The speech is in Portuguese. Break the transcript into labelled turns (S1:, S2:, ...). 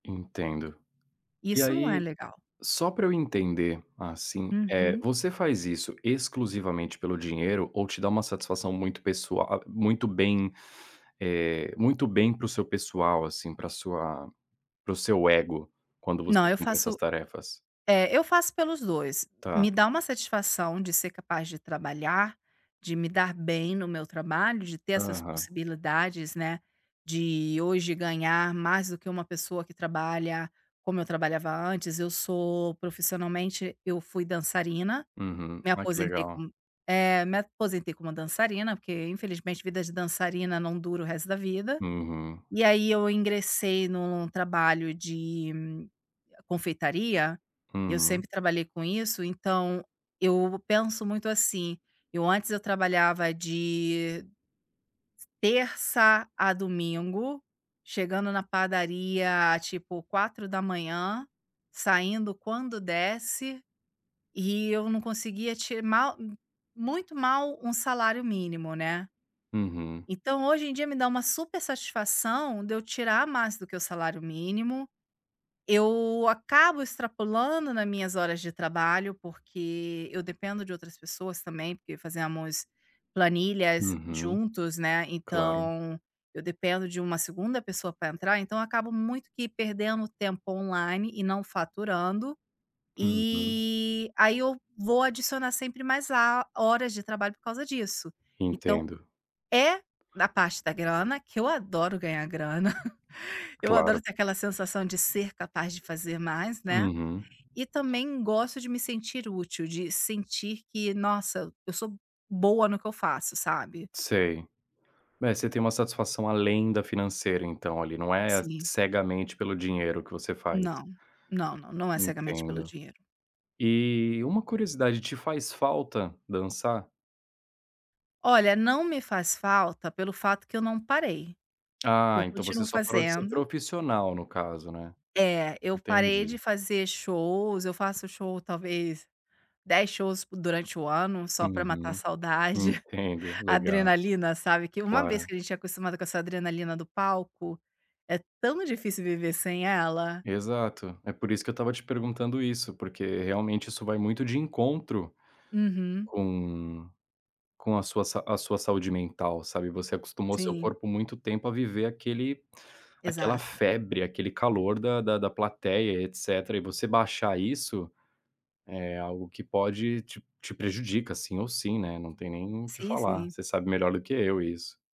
S1: Entendo. E
S2: Isso não é
S1: aí,
S2: legal.
S1: só pra eu entender, assim, eh,
S2: Uhum.
S1: você faz isso, exclusivamente pelo dinheiro, ou te dá uma satisfação muito pessoa a a, muito bem, eh, muito bem para o seu pessoal, assim, pra sua para o seu ego, quando
S2: Não,
S1: você
S2: eu
S1: cumpre essas
S2: faço
S1: tarefas?
S2: é, eu faço pelos 2,
S1: Tá.
S2: me dá uma satisfação de ser capaz de trabalhar, de me dar bem no meu trabalho, de ter essas
S1: Aham.
S2: possibilidades, né, de hoje ganhar mais do que uma pessoa que trabalha como eu trabalhava antes. Eu sou profissionalmente eu fui dançarina,
S1: Uhum,
S2: me
S1: ai que
S2: aposentei
S1: legal.
S2: como é, me aposentei como dançarina, porque, infelizmente, vida de dançarina não dura o resto da vida,
S1: Uhum.
S2: e aí eu ingressei num trabalho de confeitaria, e eu
S1: Uhum.
S2: sempre trabalhei com isso. Então, eu penso muito assim: eu antes eu trabalhava de s terça a domingo, chegando na padaria, tipo, 4:00, saindo quando desse, e eu não conseguia te mal, muito mal, 1 salário mínimo, né.
S1: Uhum.
S2: Então, hoje em dia me dá uma super satisfação de eu tirar mais do que o salário mínimo. Eu acabo extrapolando na minhas horas de trabalho, porque eu dependo de outras pessoas também, porque fazemos planilhas
S1: Uhum,
S2: juntos, né,
S1: claro.
S2: então, eu dependo de uma segunda pessoa pra entrar. Então, acabo muito que perdendo tempo online e não faturando,
S1: Uhum.
S2: e aí eu vou adicionar sempre mais a horas de trabalho por causa disso. Então,
S1: Entendo.
S2: é na parte da grana que eu adoro ganhar grana, eu
S1: Claro.
S2: adoro ter aquela sensação de ser capaz de fazer mais, né,
S1: Uhum.
S2: e também gosto de me sentir útil, de sentir que, nossa, eu sou boa no que eu faço, sabe?
S1: Sei. É, você tem uma satisfação além da financeira então ali, não é
S2: Sim.
S1: cegamente pelo dinheiro que você faz.
S2: Não, não, não, não é cegamente pelo
S1: Entendo.
S2: dinheiro.
S1: E, uma curiosidade: te faz falta dançar?
S2: Olha, não me faz falta pelo fato que eu não parei,
S1: Ah,
S2: eu
S1: então, você
S2: continuo
S1: só parou de ser
S2: fazendo
S1: profissional no caso, né?
S2: É, eu parei
S1: Entendi.
S2: de fazer shows, eu faço show talvez 10 shows durante o ano só pra matar a
S1: Uhum,
S2: saudade,
S1: entendo, legal.
S2: adrenalina, sabe, que uma vez
S1: Claro.
S2: que a gente é acostumada com essa adrenalina do palco, é tão difícil viver sem ela.
S1: Exato, é por isso que eu estava te perguntando isso, porque realmente isso vai muito de encontro,
S2: Uhum.
S1: com com a sua sa a sua saúde mental, sabe. Você acostumou seu
S2: Sim.
S1: corpo muito tempo a viver aquele aquela
S2: Exato.
S1: febre, aquele calor da da da plateia, e etcétera, e você baixar isso é algo que pode te te prejudica, sim ou sim, né, não tem nem o que
S2: Sim,
S1: falar,
S2: sim.
S1: você sabe melhor do que eu isso.